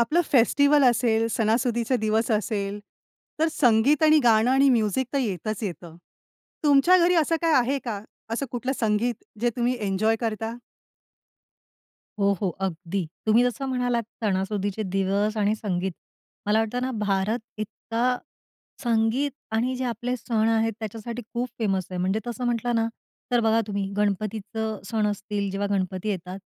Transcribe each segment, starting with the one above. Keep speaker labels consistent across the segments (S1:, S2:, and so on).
S1: आपलं फेस्टिव्हल असेल, सणासुदीचे दिवस असेल, तर संगीत आणि गाणं आणि म्युझिक तर येतच येतं. तुमच्या घरी असं काही आहे का? असं कुठलं संगीत जे तुम्ही एन्जॉय करता?
S2: हो, हो, अगदी. तुम्ही जसं म्हणालात, सणासुदीचे दिवस आणि संगीत, मला वाटतं ना, भारत इतका संगीत आणि जे आपले सण आहेत त्याच्यासाठी खूप फेमस आहे. म्हणजे तसं म्हटलं ना, तर बघा तुम्ही, गणपतीचं सण असतील, जेव्हा गणपती येतात,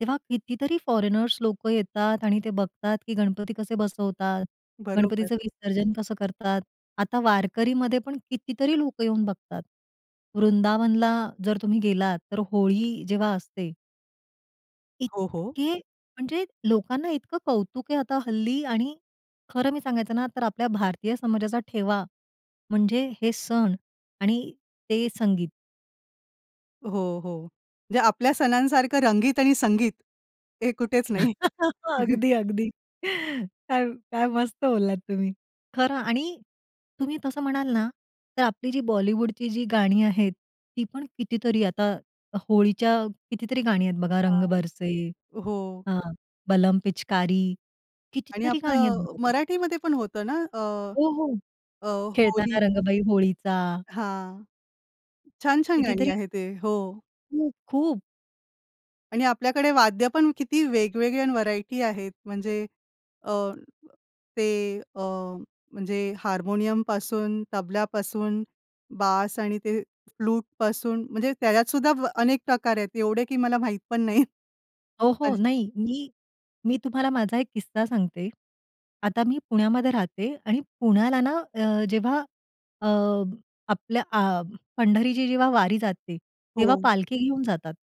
S2: तेव्हा कितीतरी फॉरेनर्स लोकं येतात आणि ते बघतात, की गणपती कसे बसवतात,
S1: बरोबर.
S2: गणपतीचं विसर्जन कसं करतात. आता वारकरीमध्ये पण कितीतरी लोकं येऊन बघतात. वृंदावनला जर तुम्ही गेलात, तर होळी जेव्हा असते
S1: हो, हो.
S2: इतके, म्हणजे लोकांना इतकं कौतुक आहे आता हल्ली आणि खरं मी सांगायचं ना तर आपल्या भारतीय समाजाचा ठेवा म्हणजे हे सण आणि ते संगीत.
S1: हो, हो. म्हणजे आपल्या सणांसारखं रंगीत आणि संगीत, हे कुठेच नाही.
S2: अगदी, अगदी, काय काय मस्त बोललात तुम्ही, खरं आणि तुम्ही तसं म्हणाल ना, तर आपली जी बॉलिवूडची जी गाणी आहेत, ती पण कितीतरी. आता होळीची कितीतरी गाणी आहेत बघा, रंग
S1: हां,
S2: बरसे
S1: हो.
S2: हां, बलम पिचकारी,
S1: आणि
S2: कितीतरी गाणी आहेत
S1: आपलं अ,
S2: बघा तुम्ही.
S1: मराठीमध्ये पण होतं ना, अ,
S2: हो, हो.
S1: अ, होली
S2: खेळताना रंगबाई होळीचा.
S1: हां. छान-छान गाणी
S2: कितीतरी
S1: आहे ते. हो.
S2: खूप, खूप.
S1: आणि आपल्याकडे वाद्य पण किती वेगवेगळे आणि व्हरायटी आहेत. म्हणजे अ, ते अ, म्हणजे हार्मोनियमपासून, तबल्यापासून, बास आणि ते फ्लूटपासून, म्हणजे त्याच्यातसुद्धा अनेक प्रकार आहेत. एवढे की मला, माहीत पण नाहीत.
S2: ओ, हो.
S1: अच
S2: नाही. मी मी तुम्हाला माझा एक किस्सा सांगते. आता मी पुण्यामध्ये राहते आणि पुण्याला ना अ, जेव्हा अ, आपलं आ पंढरीची जेव्हा वारी जाते, तेव्हा
S1: हो.
S2: पालखी घेऊन जातात.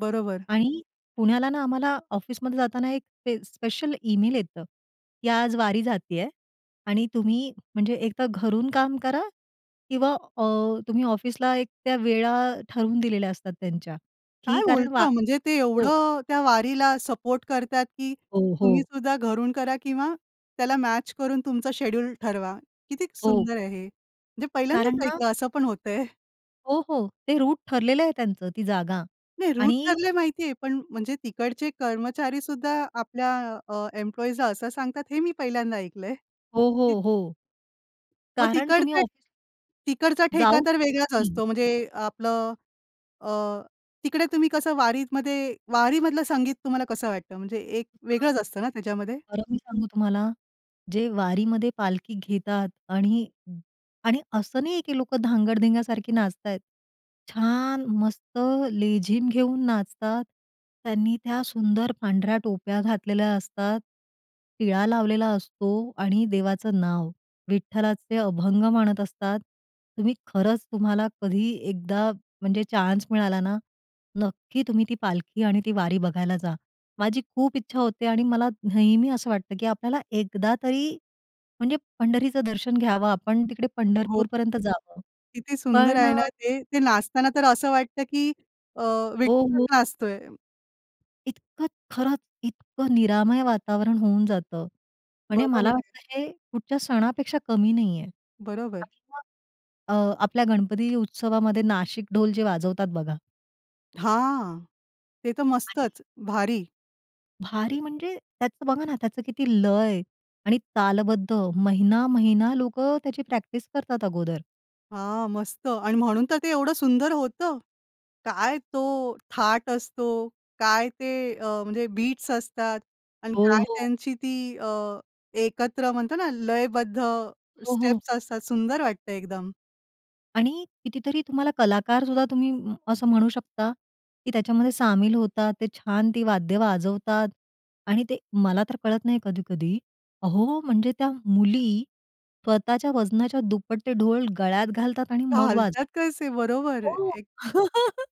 S1: बरोबर.
S2: आणि पुण्याला ना, आम्हाला ऑफिसमध्ये जाताना, एक ते स्पेशल ईमेल येतं की "आज, वारी जातीये आणि तुम्ही म्हणजे, एक तर घरून काम करा." किंवा अ, तुम्ही ऑफिसला, एक त्या वेळा ठरवून दिलेल्या असतात, त्यांच्या की
S1: काय
S2: कारण वा
S1: बोलता? म्हणजे ते
S2: हो.
S1: एवढं त्या वारीला सपोर्ट करतात की
S2: हो,
S1: तुम्ही
S2: हो.
S1: सुद्धा घरून करा किंवा त्याला मॅच करून, तुमचं शेड्यूल ठरवा. किती
S2: हो.
S1: सुंदर आहे हे, म्हणजे
S2: कारण
S1: पहिल्यांदाच
S2: ना
S1: ऐकलं असं पण होतंय.
S2: हो, हो. ते रूट ठरलेलं आहे त्यांचं, ती जागा.
S1: नाही, रूट
S2: आणि
S1: ठरले माहिती आहे. पण म्हणजे तिकडचे कर्मचारी सुद्धा, आपल्या अ, एम्प्लॉइजला असं सांगतात, हे मी पहिल्यांदा ऐकलंय,
S2: हो,
S1: की
S2: हो, हो.
S1: मग
S2: कारण तुम्ही
S1: तिकडचं
S2: ऑफ
S1: तिकडचा ठेका
S2: जाऊ
S1: तर
S2: शकत
S1: वेगळाच
S2: नाही.
S1: असतो. म्हणजे आपलं अ, अ, तिकडे तुम्ही कसं वारीमध्ये वारीमधलं संगीत तुम्हाला कसं वाटतं? म्हणजे एक वेगळंच असतं ना त्याच्यामध्ये?
S2: खरं मी सांगू तुम्हाला, जे वारीमध्ये पालखी घेतात आणि आणि असं, नाही आहे की लोकं धांगड-धिंग्या सारखी नाचताहेत. छान, मस्त, लेझीम घेऊन नाचतात. त्यांनी त्या सुंदर पांढऱ्या टोप्या घातलेल्या असतात, टिळा लावलेला असतो आणि देवाचं नाव, विठ्ठलाचे अभंग म्हणत असतात. तुम्ही खरंच, तुम्हाला कधी एकदा म्हणजे चान्स मिळाला ना, नक्की तुम्ही ती पालखी आणि ती वारी बघायला जा. माझी खूप इच्छा होते आणि मला नेहमी, असं वाटतं की आपल्याला, एकदा तरी म्हणजे पंढरीचं दर्शन घ्यावं आपण, तिकडे
S1: हो.
S2: पंढरपूरपर्यंत जावं.
S1: किती सुंदर
S2: पण
S1: आहे
S2: अ
S1: ना ते. ते नाचताना तर असं वाटतं की अ,
S2: हो,
S1: विठ्ठल
S2: हो.
S1: नाचतोय.
S2: इतकं खरंच, इतकं निरामय वातावरण होऊन जातं आणि
S1: बरोबर
S2: मला,
S1: आहे.
S2: वाटतं हे कुठच्या सणापेक्षा कमी नाहीये.
S1: बरोबर.
S2: [unintelligible] अ, आपल्या गणपती उत्सवामध्ये, नाशिक ढोल जे वाजवतात बघा.
S1: हां, ते तर
S2: आणि
S1: मस्तच, भारी!
S2: भारी म्हणजे त्याचं बघा ना, त्याचं किती लय आणि तालबद्ध. महिना-महिना लोकं त्याची प्रॅक्टिस करतात अगोदर.
S1: हां, मस्त! आणि म्हणून तर ते एवढं सुंदर होतं. काय तो थाट असतो, काय ते अ, म्हणजे बीट्स असतात. आणि
S2: हो,
S1: काय
S2: हो.
S1: त्यांची ती अ, एकत्र म्हणतो ना, लयबद्ध
S2: हो, हो.
S1: स्टेप्स असतात, सुंदर वाटतं एकदम.
S2: आणि कितीतरी तुम्हाला कलाकारसुद्धा तुम्ही असं म्हणू शकता, की त्याच्यामध्ये सामील होतात. ते छान ती वाद्य वाजवतात आणि ते मला तर कळत नाही कधी-कधी. अहो, म्हणजे त्या मुली स्वतःच्या वजनाच्या दुप्पट ते ढोल गळ्यात घालतात आणि मग वाजव
S1: घालतात तसे बरोबर.
S2: हो.
S1: एक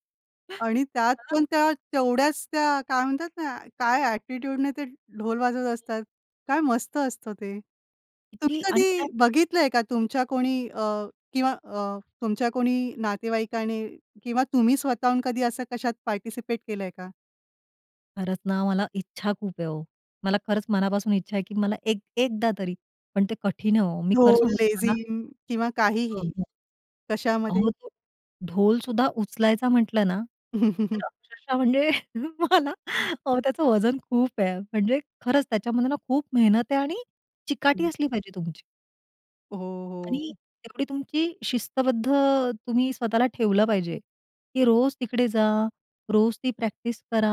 S1: आणि त्यात
S2: [unintelligible]
S1: पण त्या तेवढ्याच त्या काय म्हणतात ना, काय एटिट्यूडने ते ढोल वाजवत असतात, काय मस्त असतं ते. तुम्ही
S2: ती आणि त्यात
S1: कधी बघितलंय का? तुमच्या कोणी अ, किंवा अ, तुमच्या कोणी नातेवाईकाने किंवा तुम्ही स्वतःहून कधी असं कशात पार्टिसिपेट केलंय का?
S2: खरंच ना, मला इच्छा खूप आहे हो. मला खरंच मनापासून इच्छा आहे, की मला एक एकदा तरी पण ते कठीण आहे हो. मी खरं
S1: ढोल,
S2: सांगू तुम्हाला
S1: लेझिम किंवा
S2: अ,
S1: काहीही.
S2: हो.
S1: कशामध्ये?
S2: अहो तो ढोल सुद्धा उचलायचा म्हटलं ना, तर अक्षरशा म्हणजे मला
S1: हं.
S2: अहो त्याचं वजन खूप आहे म्हणजे खरंच त्याच्यामध्ये ना, खूप मेहनत आहे आणि चिकाटी
S1: हं.
S2: असली पाहिजे तुमची.
S1: हो,
S2: आणि
S1: हो.
S2: एवढी तुमची शिस्तबद्ध तुम्ही स्वतःला ठेवलं पाहिजे की रोज तिकडे जा. रोज ती प्रॅक्टिस करा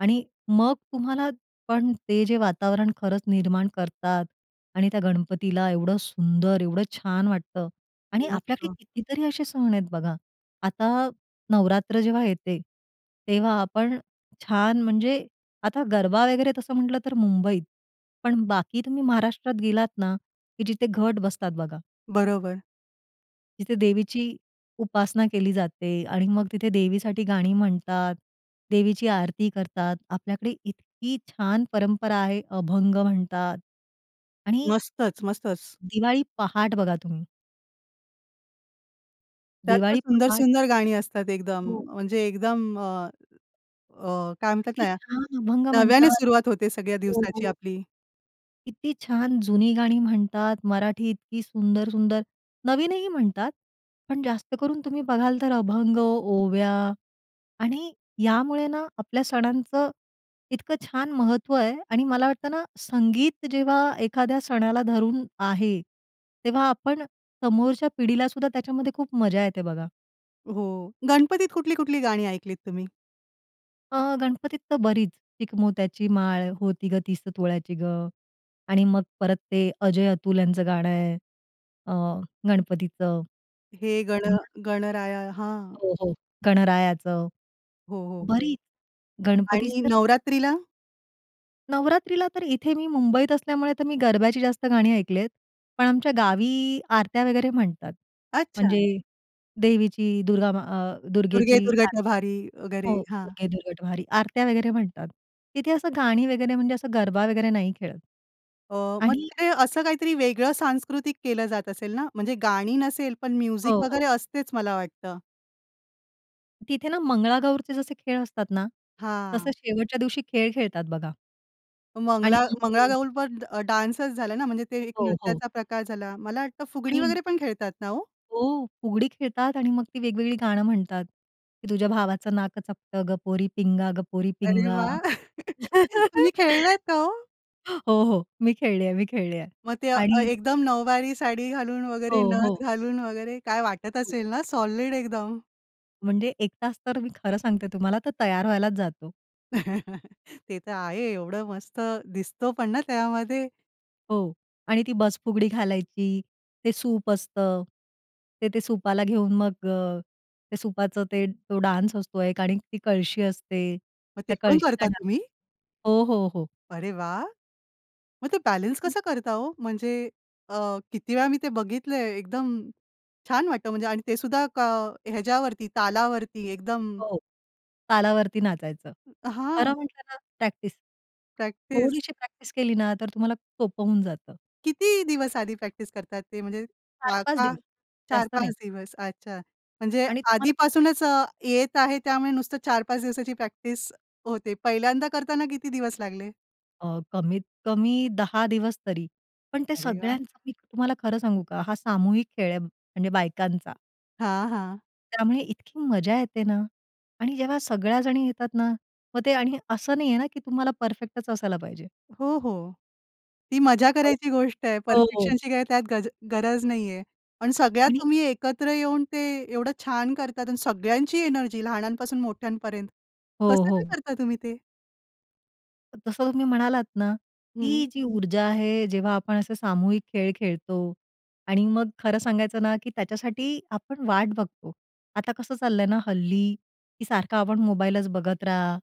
S2: आणि मग तुम्हाला, पण ते जे वातावरण खरंच निर्माण करतात आणि त्या गणपतीला एवढं सुंदर एवढं छान वाटतं. आणि आपल्याकडे
S1: मस्त.
S2: कितीतरी असे सण आहेत बघा. आता नवरात्र जेव्हा येते, तेव्हा आपण छान म्हणजे, आता गरबा वगैरे तसं म्हटलं तर मुंबईत, पण बाकी तुम्ही महाराष्ट्रात गेलात ना, की जिथे घट बसतात बघा
S1: बरोबर.
S2: तिथे देवीची उपासना केली जाते आणि मग तिथे देवीसाठी गाणी म्हणतात. देवीची आरती करतात. आपल्याकडे इतकी छान परंपरा आहे. अभंग म्हणतात आणि
S1: मस्तच, मस्तच.
S2: दिवाळी पहाट बघा तुम्ही.
S1: त्यात पण
S2: दिवाळी पहाट
S1: सुंदर-सुंदर गाणी असतात एकदम,
S2: हो.
S1: म्हणजे एकदम अ, अ, काय म्हणतात
S2: किती
S1: ना,
S2: छान अभंग
S1: नव्याने
S2: म्हणतात.
S1: सुरुवात होते सगळ्या
S2: हो,
S1: दिवसाची
S2: हो.
S1: आपली.
S2: किती छान जुनी गाणी म्हणतात मराठी इतकी सुंदर-सुंदर, नवीनही म्हणतात पण जास्त करून तुम्ही बघाल तर अभंग, ओव्या आणि यामुळे ना आपल्या सणांचं इतकं छान महत्त्व आहे आणि मला वाटतं ना संगीत जेव्हा एखाद्या सणाला धरून आहे, तेव्हा आपण समोरच्या पिढीलासुद्धा त्याच्यामध्ये खूप मजा येते बघा.
S1: हो, गणपतीत कुठली-कुठली गाणी ऐकलीत तुम्ही?
S2: अ, गणपतीत तर बरीच. "चिकमोत्याची माळ, होती गं, तीस तोळ्याची गं" आणि मग परत ते अजय-अतुल यांचं गाणं आहे अ, गणपतीचं.
S1: "हे गण
S2: [unintelligible]
S1: गणराया" हां.
S2: हो, हो. गणरायाचं.
S1: हो, हो, हो.
S2: बरीच. गणपतीची
S1: आणि
S2: तर [unintelligible]
S1: नवरात्रीला?
S2: नवरात्रीला तर इथे मी मुंबईत असल्यामुळे तर मी गरब्याची जास्त गाणी ऐकली आहेत, पण आमच्या गावी आरत्या वगैरे म्हणतात, म्हणजे
S1: अच्छा.
S2: देवीची दुर्गा म अ,
S1: "दुर्गे
S2: दुर्गेची
S1: दुर्घट
S2: आरती.
S1: भारी," वगैरे
S2: हो,
S1: हां.
S2: "दुर्गे दुर्घट भारी," आरत्या वगैरे म्हणतात. तिथे असं गाणी वगैरे म्हणजे असं गरबा वगैरे नाही खेळत.
S1: अ, मग
S2: आणि
S1: तिकडे असं काहीतरी वेगळं सांस्कृतिक केलं जात असेल ना म्हणजे गाणी नसेल पण
S2: हो,
S1: म्युझिक
S2: हो.
S1: वगैरे असतेच मला वाटतं.
S2: तिथे ना मंगळागौरचे जसे खेळ असतात ना, तसं
S1: हां.
S2: शेवटच्या दिवशी खेळ खेळतात बघा. आणि
S1: मंगला
S2: हं.
S1: मंगळागौरपण डान्सच झाला ना, म्हणजे ते एक
S2: हो, हो.
S1: नृत्याचा प्रकार झाला. मला वाटतं फुगडी
S2: आणि
S1: वगैरे पण खेळतात ना हो?
S2: हो, फुगडी खेळतात आणि मग ती वेगवेगळी गाणं म्हणतात, की "तुझ्या भावाचं नाक चपटं ग पोरी पिंगा ग पोरी
S1: अरे
S2: पिंगा."
S1: वाह! तुम्ही खेळलात का हो?
S2: हो, हो, मी खेळली आहे. मी खेळली आहे
S1: मग ते अ,
S2: आणि
S1: एकदम नऊवारी साडी घालून
S2: हो,
S1: वगैरे.
S2: हो.
S1: नथ घालून वगैरे. काय वाटत
S2: [unintelligible]
S1: असेल ना, सॉलिड एकदम.
S2: म्हणजे 1 तास तर, मी खरं सांगते तुम्हाला, तर तयार व्हायलाच जातो.
S1: ते तर आहे. एवढं मस्त दिसतो पण ना त्यामध्ये.
S2: हो. आणि ती बस फुगडी घालायची. ते सूप असतं, ते ते सुपाला घेऊन मग अ, ते सुपाचं ते तो डान्स असतो एक आणि ती कळशी असते,
S1: मग ते
S2: त्या
S1: पण
S2: कळशीचा
S1: करता
S2: डान्स
S1: तुम्ही?
S2: असतो हो, हो, हो.
S1: अरे वा! मग ते बॅलन्स
S2: [unintelligible]
S1: कसं करता हो म्हणजे अ, किती वेळा मी ते बघितलंय. एकदम छान वाटतं म्हणजे आणि ते सुद्धा का ह्याच्यावरती तालावरती एकदम.
S2: हो. तालावरती नाचायचं. खरं
S1: हां.
S2: म्हटलं ना, प्रॅक्टिस.
S1: प्रॅक्टिस.
S2: थोडीशी प्रॅक्टिस केली ना, तर तुम्हाला सोपं होऊन जातं.
S1: किती दिवस आधी प्रॅक्टिस करतात ते. म्हणजे
S2: चार
S1: वा
S2: पाच
S1: का
S2: दिवस.
S1: चार
S2: जास्त
S1: पाच
S2: नाही.
S1: दिवस. अच्छा, म्हणजे
S2: आणि तुम्हाला
S1: आधीपासूनच अ, येत आहे. त्यामुळे नुसतं 4-5 दिवसाची प्रॅक्टिस होते. पहिल्यांदा करताना किती दिवस लागले?
S2: अ, कमीतकमी 10 दिवस तरी. पण ते
S1: अरे वाह!
S2: सगळ्यांचं मी तुम्हाला खरं सांगू का? हा सामूहिक खेळ आहे, म्हणजे बायकांचा
S1: हां, हां.
S2: त्यामुळे इतकी मजा येते ना. आणि जेव्हा सगळ्याजणी येतात ना. मग ते आणि असं नाहीये ना, की तुम्हाला परफेक्टच असायला पाहिजे.
S1: हो, हो. ती मजा
S2: हो.
S1: करायची गोष्ट आहे,
S2: हो, हो.
S1: परफेक्शनची काय त्यात गज गरज नाहीये. पण सगळ्या
S2: आणि
S1: तुम्ही एकत्र येऊन ते एवढं छान करतात आणि सगळ्यांची एनर्जी लहानांपासून मोठ्यांपर्यंत.
S2: हो,
S1: कसं काय
S2: हो.
S1: करता तुम्ही ते?
S2: तर तसं तुम्ही म्हणालात ना,
S1: हं.
S2: ती जी ऊर्जा आहे, जेव्हा आपण असे सामूहिक खेळ खेळतो आणि मग खरं सांगायचं ना की त्याच्यासाठी आपण वाट बघतो. आता कसं चाललंय ना हल्ली की सारखा आपण मोबाईलच बघत राहा,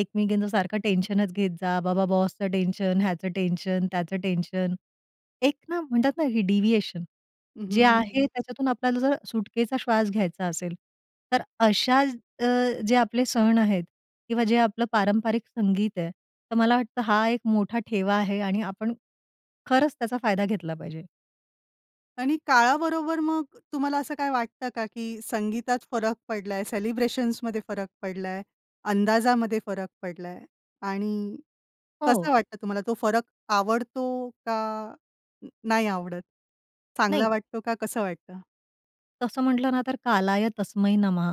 S2: एकमेकींचं सारखं टेन्शनच घेत जा, बाबा बॉसचं टेन्शन, ह्याचं टेन्शन, त्याचं टेन्शन. एक ना म्हणतात ना, हे डिव्हिएशन.
S1: हं, हं,
S2: जे
S1: हं.
S2: आहे, त्याच्यातून आपल्याला जर सुटकेचा श्वास घ्यायचा असेल, तर अशा अ, जे आपले सण आहेत किंवा जे आपलं पारंपरिक संगीत आहे, तर मला वाटतं हा एक मोठा ठेवा आहे आणि आपण खरंच त्याचा फायदा घेतला पाहिजे.
S1: आणि काळाबरोबर मग तुम्हाला असं काही वाटतं का, की "संगीतात फरक पडलाय? सेलिब्रेशन्समध्ये फरक पडलाय? अंदाजामध्ये फरक पडलाय? आणि कसं
S2: हो.
S1: वाटतं तुम्हाला? तो फरक आवडतो का नाही आवडत? चांगला
S2: नाही.
S1: वाटतो का कसं वाटतं?"
S2: तसं म्हटलं ना तर, कालाय तस्मै नमः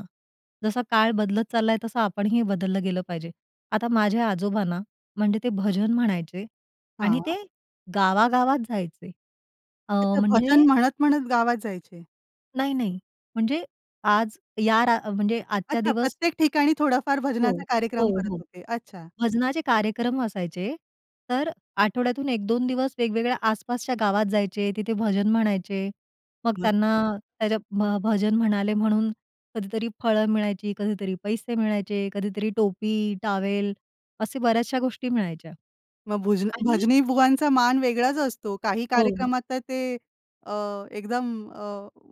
S2: जसा काळ बदलत चाललाय तसं आपणही बदललं गेलं पाहिजे. आता माझे आजोबा ना, म्हणजे ते भजन म्हणायचे आणि ते
S1: हां.
S2: गावागावात जायचे. अ, म्हणजे
S1: भजन म्हणत-म्हणत गावात जायचे.
S2: नाही, नाही. म्हणजे आज या रा म्हणजे आजच्या
S1: अच्छा.
S2: दिवस
S1: प्रत्येक ठिकाणी थोडाफार
S2: हो,
S1: भजनाचा कार्यक्रम
S2: हो,
S1: करत
S2: हो.
S1: होते. अच्छा.
S2: भजनाचे कार्यक्रम असायचे, तर आठवड्यातून 1-2 दिवस वेगवेगळ्या आसपासच्या गावात जायचे, तिथे भजन म्हणायचे. मग त्यांना,
S1: नसतं.
S2: त्या ज्या भ भजन म्हणाले म्हणून कधीतरी फळं मिळायची, कधीतरी पैसे मिळायचे, कधीतरी टोपी-टॉवेल, असे बऱ्याचशा गोष्टी मिळायच्या.
S1: मग भुजनं
S2: आणि
S1: भजनीबुवांचा मान वेगळाच असतो. काही
S2: हो.
S1: कार्यक्रमात तर ते अ, एकदम अ,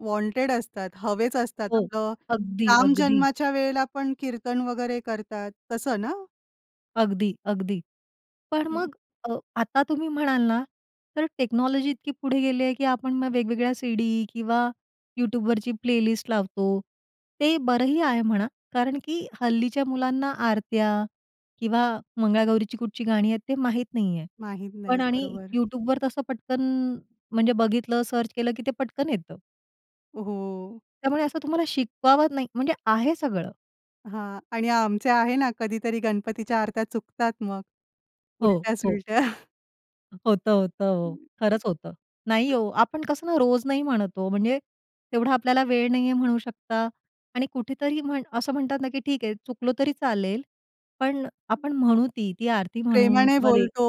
S1: वॉन्टेड असतात. हवेच असतात.
S2: हो.
S1: आपलं
S2: अगदी, अगदी.
S1: रामजन्माच्या वेळेला पण कीर्तन वगैरे करतात, तसं ना?
S2: अगदी, अगदी. पण
S1: हं.
S2: मग अ, आता तुम्ही म्हणाल ना तर टेक्नॉलॉजी इतकी पुढे गेली आहे, की आपण मग वेगवेगळ्या सी-डी किंवा YouTubeवरची प्लेलिस्ट लावतो. ते बरंही आहे म्हणा कारण की हल्लीच्या मुलांना आरत्या किंवा मंगळागौरीची कुठची गाणी आहेत ते माहीत नाही आहे,
S1: माहीत
S2: पण
S1: नाहीत,
S2: आणि
S1: बरोबर.
S2: YouTubeवर तसं पटकन म्हणजे बघितलं, सर्च केलं, की ते पटकन येतं.
S1: हो.
S2: त्यामुळे असं तुम्हाला शिकवावं नाही म्हणजे आहे सगळं.
S1: हां आणि आमचे आहे ना, कधीतरी गणपतीच्या आरत्या चुकतात मग,
S2: हो, हो.
S1: उलट्या-सुलट्या.
S2: होतं, होतं हो.
S1: [unintelligible]
S2: खरंच होतं. नाही हो, आपण कसं ना रोज नाही म्हणत हो, म्हणजे तेवढा आपल्याला वेळ नाहीये म्हणू शकता आणि कुठेतरी म्हण असं म्हणतात ना की ठीक आहे चुकलो तरी चालेल, पण आपण म्हणू ती, ती आरती म्हणू
S1: प्रेमाने
S2: किंवा ते
S1: बोलतो,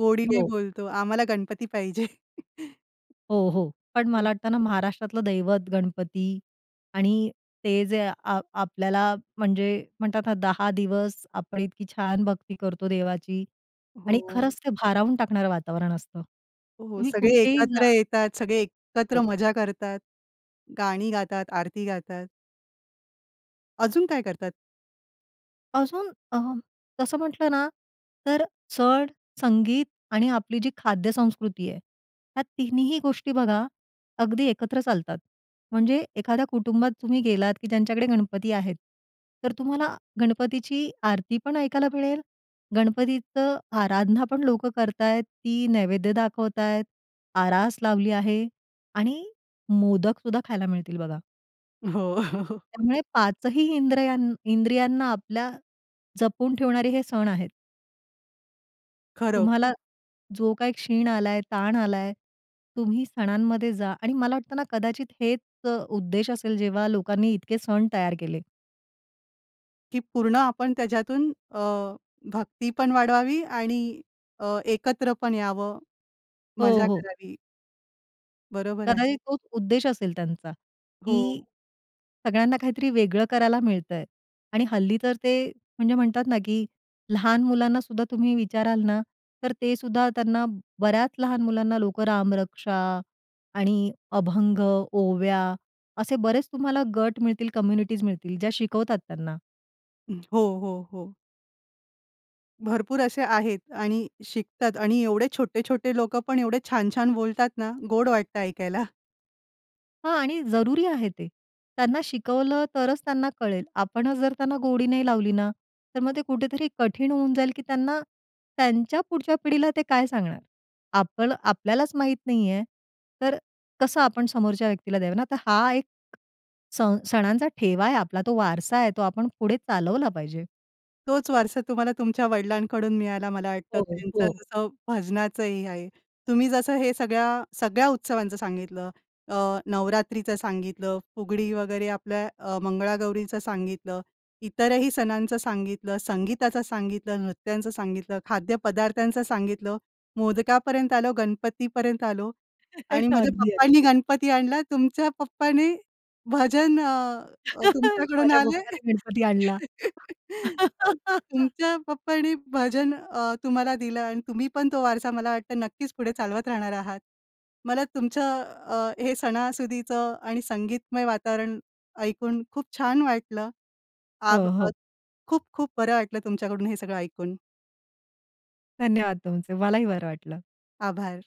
S1: गोडीने
S2: हो.
S1: बोलतो, आम्हाला गणपती पाहिजे.
S2: हो, हो. पण मला वाटतं ना महाराष्ट्रातलं दैवत, गणपती आणि ते जे आ आ आपल्याला म्हणजे म्हणतात ना 10 दिवस आपण इतकी छान भक्ती करतो देवाची आणि
S1: हो.
S2: खरंच ते भारावून टाकणारं वातावरण असतं.
S1: हो,
S2: तुम्ही
S1: सगळे
S2: कुठेही जा.
S1: एकत्र येतात, सगळे एकत्र
S2: हो.
S1: मजा करतात. गाणी गातात, आरती गातात. अजून, काय करतात?
S2: अजून अ, तसं म्हटलं ना, तर चढ संगीत आणि आपली, जी खाद्यसंस्कृती आहे, ह्या तिन्हीही गोष्टी बघा, अगदी एकत्र चालतात म्हणजे एखाद्या, कुटुंबात तुम्ही गेलात, की ज्यांच्याकडे गणपती आहेत, तर तुम्हाला गणपतीची आरती पण ऐकायला मिळेल, गणपतीचं आराधना पण लोकं करत आहेत, ती नैवेद्य दाखवत आहेत, आरास लावली आहे आणि मोदकसुद्धा खायला मिळतील बघा.
S1: हो.
S2: त्यामुळे, 5 ही इंद्रियां इंद्रियांना आपल्या जपून ठेवणारे हे सण आहेत.
S1: खरं.
S2: तुम्हाला जो काही क्षीण आलाय, ताण आलाय, तुम्ही सणांमध्ये जा आणि मला वाटतं ना, कदाचित हेच उद्देश असेल, जेव्हा लोकांनी इतके सण तयार केले.
S1: ही, पूर्ण आपण त्याच्यातून अ, भक्तीपण वाढवावी आणि अ, एकत्र पण यावं,
S2: हो,
S1: मजा
S2: हो.
S1: करावी. बरोबर आहे.
S2: कदाचित, तोच उद्देश असेल त्यांचा, की
S1: हो.
S2: सगळ्यांना, काहीतरी वेगळं करायला मिळतंय आणि हल्ली तर, ते म्हणजे म्हणतात ना, की लहान मुलांनासुद्धा तुम्ही विचाराल ना, तर ते सुद्धा त्यांना, बऱ्याच लहान मुलांना लोकं रामरक्षा आणि अभंग, ओव्या, असे बरेच तुम्हाला गट मिळतील, कम्युनिटीज मिळतील, ज्या शिकवतात त्यांना.
S1: हं. हो, हो, हो. भरपूर असे आहेत आणि शिकतात. आणि एवढे छोटे-छोटे लोकं पण एवढे छान छान बोलतात ना, गोड वाटतं ऐकायला.
S2: हां. आणि जरुरी आहे ते. त्यांना शिकवलं, तरच त्यांना कळेल. आपण जर त्यांना गोडी नाही लावली ना, तर मग ते कुठेतरी कठीण होऊन जाईल की त्यांना त्यांच्या पुढच्या पिढीला ते काय सांगणार? आपलं आपल्यालाच माहीत नाही आहे, तर अ, कसं आपण समोरच्या व्यक्तीला द्यावं ना, तर हा एक अ, सण सणांचा ठेवा आहे, आपला तो वारसा आहे, तो आपण पुढे चालवला पाहिजे.
S1: तोच वारसा तुम्हाला तुमच्या वडिलांकडून मिळायला मला वाटतं.
S2: हो, हो.
S1: त्यांचं
S2: हो.
S1: जसं भजनाचंही आहे. तुम्ही जसं हे सगळ्या सगळ्या उत्सवांचं सांगितलं, अ, नवरात्रीचं सांगितलं, फुगडी वगैरे आपल्या अ, मंगळागौरीचं सांगितलं इतरही सणांचं सांगितलं, संगीताचं सांगितलं, नृत्यांचं सांगितलं, खाद्यपदार्थांचं सांगितलं, मोदकापर्यंत आलो, गणपतीपर्यंत आलो आणि माझ्या
S2: अगदी, अगदी.
S1: पप्पांनी गणपती आणला. तुमच्या पप्पाने भजन अ, तुमच्याकडून
S2: माझ्या
S1: आले
S2: पप्पाने गणपती आणला.
S1: तुमच्या पप्पांनी भजन अ, तुम्हाला दिलं आणि तुम्ही पण तो वारसा मला वाटतं नक्कीच पुढे चालवत राहणार आहात. मला तुमचं अ, हे सणासुदीचं आणि संगीतमय वातावरण ऐकून खूप छान वाटलं. आभ
S2: हो,
S1: अ,
S2: हो.
S1: खूप खूप बरं वाटलं तुमच्याकडून हे सगळं ऐकून.
S2: धन्यवाद तुमचे. मलाही बरं वाटलं.
S1: आभार.